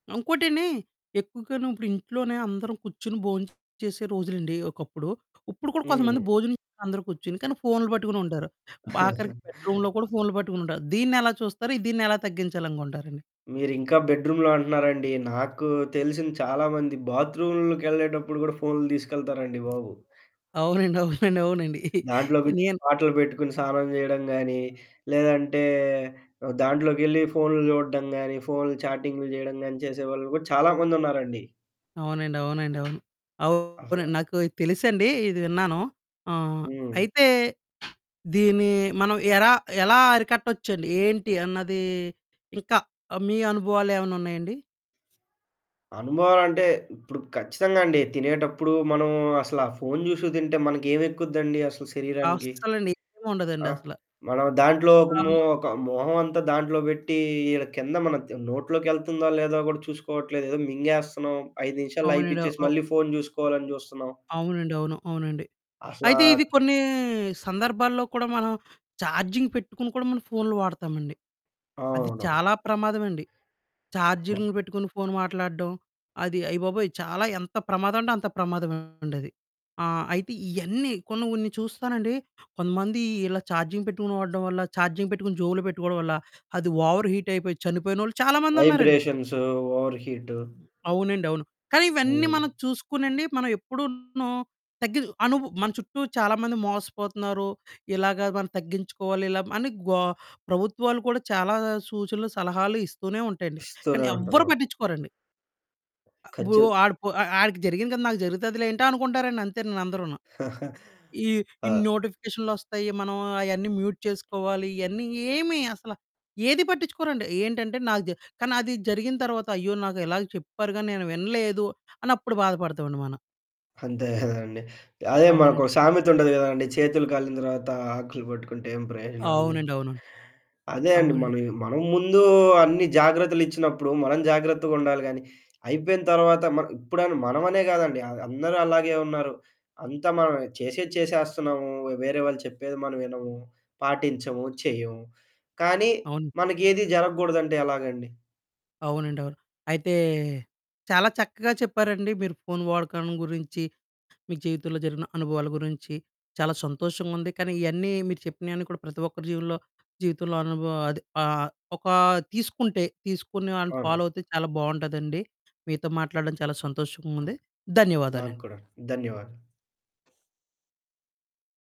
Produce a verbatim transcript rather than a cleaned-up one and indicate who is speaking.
Speaker 1: ఇంకోటండి ఎక్కువగాను ఇప్పుడు ఇంట్లోనే అందరం కూర్చొని బొంచేసే రోజులండి ఒకప్పుడు. ఉప్పుడు కూడ కొంతమంది
Speaker 2: హ్మ్.
Speaker 1: భోజనం అందరూ కూర్చొని, కానీ ఫోన్లు పట్టుకుని ఉంటారు, ఆఖరికి బెడ్‌రూమ్‌లో కూడా ఫోన్లు పట్టుకుని ఉంటారు. దీన్నెలా చూస్తారు? దీన్నెలా తగ్గించాలి అనుకుంటారండి?
Speaker 2: మీరింకా బెడ్‌రూమ్‌లో అంటున్నారండి, నాకు తెలిసిన చాలామంది బాత్రూమ్లకి ఎళ్ళేటప్పుడు కూడా ఫోన్లు తీసుకెళ్తారండి బాబు.
Speaker 1: అవునండి. అవునండి. అవునండి.
Speaker 2: దాంట్లోకి
Speaker 1: నేను
Speaker 2: పాటలు పెట్టుకొని స్నానం చేయడం గాని, లేదంటే దాంట్లోకెళ్ళి ఫోన్లు చూడడం గాని, ఫోన్లు చాటింగ్లు చేయడం గాని చేసేవాళ్ళు కూడా చాలా మందున్నారండి.
Speaker 1: అవునండి. అవునండి. అవును.
Speaker 2: అసలా.
Speaker 1: అవునండి. నాకు తెలుసండి ఇది విన్నాను. ఆహ్,
Speaker 2: హ్మ్.
Speaker 1: అయితే దీన్ని మనం ఎలా ఎలా అరికట్టొచ్చండి? ఏంటి అన్నది ఇంకా, మీ అనుభవాలు ఏవన్నా ఉన్నాయాండి?
Speaker 2: అనుభవమంటే, ఇప్పుడు ఖచ్చితంగా అండి తినేటప్పుడు మనం అసలా ఫోను చూసుకు తింటే మనకేమెక్కుద్దండి అసలు శరీరానికి.
Speaker 1: అస్సలండి.
Speaker 2: ఆ!
Speaker 1: ఏముండదండసల.
Speaker 2: మనం దాంట్లో ఒక
Speaker 1: ఆ!
Speaker 2: మొ ఒక మొహం అంతా దాంట్లో పెట్టి, ఇల కింద మన నోట్లోకి ఎళ్తుందో, లేదో కూడా చూసుకోవట్లేదు. ఏదో మింగేస్తున్నాం, ఐదు నిమిషాల్లో
Speaker 1: అవునండి.
Speaker 2: అయిపిచ్చేసి
Speaker 1: అవు అవు
Speaker 2: మళ్ళీ ఫోను చూసుకోవాలని చూస్తున్నాం.
Speaker 1: అవునండి. అవును. అవునండి.
Speaker 2: అసలా
Speaker 1: అయితే ఇది కొన్ని సందర్భాల్లో కూడా మనం చార్జింగ్ పెట్టుకొని కూడా మనం ఫోన్లు వాడతామండి. అది
Speaker 2: అవును.
Speaker 1: చాలా ప్రమాదవండి,
Speaker 2: హ్మ్.
Speaker 1: చార్జింగ్లు పెట్టుకొని ఫోను మాట్లాడడం అది అయ్యబాబోయ్! చాలా ఎంత ప్రమాదం అంటే అంత ప్రమాదమండది. ఆహ్, అయితే ఇవన్నీ కొన్ని కొన్ని చూస్తానండి, కొంతమంది ఇలా ఛార్జింగ్ పెట్టుకొని వాడడం వల్ల, ఛార్జింగ్ పెట్టుకొని జేబులో పెట్టుకోవడం వల్ల అది ఓవర్ హీట్ అయిపోయి చనిపోయినోళ్ళు చాలా మందున్నారండి.
Speaker 2: Vibrations, over heat.
Speaker 1: హ్మ్. అవునండవును. కానీ ఇవన్నీ
Speaker 2: హ్మ్.
Speaker 1: మనం చూసుకోనండి, మనం ఎప్పుడూను తగ్గిదు అనుబు మన చుట్టూ చాలా మంది మోసపోతున్నారు. ఇలాగ మనం తగ్గించుకోవాలి, ఇలా అని గో ప్రభుత్వాలు కూడా చాలా సూచనలు, సలహాలు ఇస్తూనే ఉంటాయండి.
Speaker 2: ఇస్తూనే
Speaker 1: కానీ
Speaker 2: ఉంటారా.
Speaker 1: ఎవ్వరు పట్టిచ్చుకోరండి. వూ
Speaker 2: ఖచ్చు
Speaker 1: ఆడి పో ఆడికి జరిగింది కదా! నాకు జరుగుతదిలేంటి అనుకుంటారండి అంతేను అందరూను. ఈ
Speaker 2: ఆ!
Speaker 1: ఇన్ని నోటిఫికేషన్లు ఒస్తాయి, మనం అయన్నీ మ్యూట్ చేసుకోవాలి. ఇయన్నీ ఏమి అసలు ఏది పట్టించుకోరండి, ఏంటంటే నాకు దె కానీ అది జరిగిన తరువాత అయ్యో! నాకు ఇలాగ చెప్పారు గాని నేను వినలేదు అని అప్పుడు బాధపడతామండి మనం.
Speaker 2: అంతే కదండీ. అదే మనకో
Speaker 1: అవునండి.
Speaker 2: సామెత ఉంటది కదండీ. 'చేతులు కాలిన తర్వాత ఆకులు పట్టుకుంటే ఏం ప్రయోజనం' అని
Speaker 1: అవునండి.
Speaker 2: జెప్పి.
Speaker 1: అవును.
Speaker 2: అదే అండి
Speaker 1: అవునండి.
Speaker 2: మనం, మనం ముందు అన్ని జాగ్రత్తలు ఇచ్చినప్పుడు, మనం జాగ్రత్తగుండాలి గానీ అయిపోయిన తర్వాత మ ఇప్పుడని మనమనే కాదండి అందరూ అలాగే ఉన్నారు, అంతా మనం చేసేది చేసేస్తున్నాము వేరే వాళ్ళు చెప్పేది మనం వినము, పాటించము, చెయ్యము. కానీ
Speaker 1: అవును.
Speaker 2: మనకేది జరగకూడదంటే ఎలాగండి?
Speaker 1: అవునండవును. అయితే చాలా చక్కగా చెప్పారండి. మీరు ఫోన్ వాడకాన్ని గురించి, మీ జీవితంలో జరిగిన అనుభవాల గురించి, చాలా సంతోషంగుంది. కానీ ఇయన్నీ మీరు చెప్పినయన్నీ కూడా ప్రతి ఒక్కరి జీవలో జీవితంలో అనుభవం అది, ఒక తీసుకుంటే, తీసుకుని వాళ్ళని
Speaker 2: అవును.
Speaker 1: ఫాలో అయితే చాలా బావుంటదండి. మీతో మాట్లాడడం చాలా సంతోషంగుంది.
Speaker 2: నాకు
Speaker 1: ధన్యవాదాలండి.
Speaker 2: కూడా ధన్యవాదాలు.